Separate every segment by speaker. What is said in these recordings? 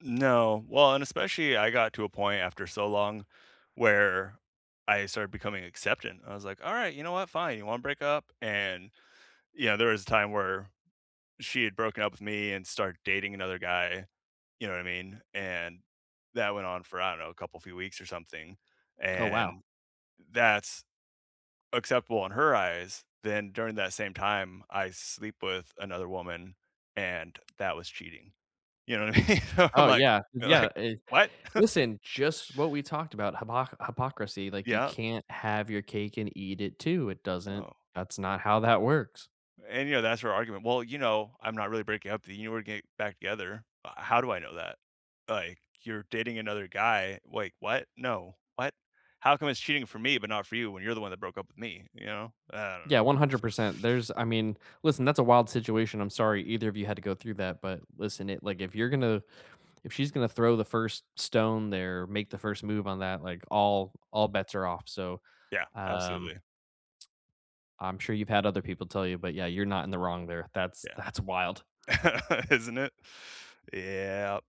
Speaker 1: No, well, and especially, I got to a point after so long where I started becoming acceptant. I was like, "Alright, you know what? Fine, you wanna break up?"and, yeah, there was a time where she had broken up with me, and started dating another guy, you know what I mean, and that went on for, I don't know, a couple few weeks or something,
Speaker 2: Oh, wow.
Speaker 1: and that's acceptable in her eyes, then during that same time, I sleep with another woman, and that was cheating. You know what I mean? I'm
Speaker 2: Oh,
Speaker 1: like
Speaker 2: yeah, is yeah,
Speaker 1: like,
Speaker 2: i
Speaker 1: "What?"
Speaker 2: Listen, just what we talked about, hypo hypocrisy, like, you
Speaker 1: Yeah.
Speaker 2: can't have your cake and eat it too. It doesn't
Speaker 1: No.
Speaker 2: that's not how that works.
Speaker 1: And, you know, that's her argument, "Well, you know, I'm not really breaking up, th you know we're get back together." H how do I know that? Like, you're dating another guy, like, what? No. What? How come it's cheating for me, but not for you when you're the one that broke up with me, you know? I don't
Speaker 2: Yeah,
Speaker 1: know.
Speaker 2: 100%. There's I mean, listen, that's a wild situation, I'm sorry either of you had to go through that, but listen, it like, if you're gonna if she's gonna throw the first stone there, make the first move on that, like, all all bets are off, so,
Speaker 1: Yeah,
Speaker 2: um
Speaker 1: absolutely.
Speaker 2: I'm sure you've had other people tell you, but, yeah, you're not in the wrong there. That's
Speaker 1: Yeah,
Speaker 2: that's wild.
Speaker 1: isn't it? Yep,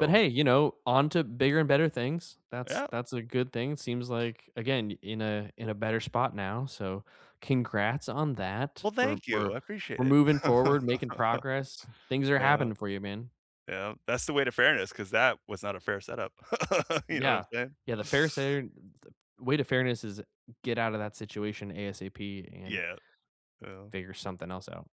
Speaker 2: But, hey, you know, on to bigger and better things. That's
Speaker 1: Yep.
Speaker 2: that's a good thing, seems like, again, in a in a better spot now, so congrats on that.
Speaker 1: Well,
Speaker 2: We're
Speaker 1: thank you,
Speaker 2: we're
Speaker 1: I appreciate
Speaker 2: we're
Speaker 1: it.
Speaker 2: moving forward, making progress. Things are
Speaker 1: Yeah.
Speaker 2: happening for you, man.
Speaker 1: Yeah, that's the way to fairness 'cause that was not a fair setup, you know what I'm
Speaker 2: Yeah.
Speaker 1: saying?
Speaker 2: Yeah, the fair sar the way to fairness is get out of that situation ASAP and
Speaker 1: Yeah. Yeah.
Speaker 2: figure something else out.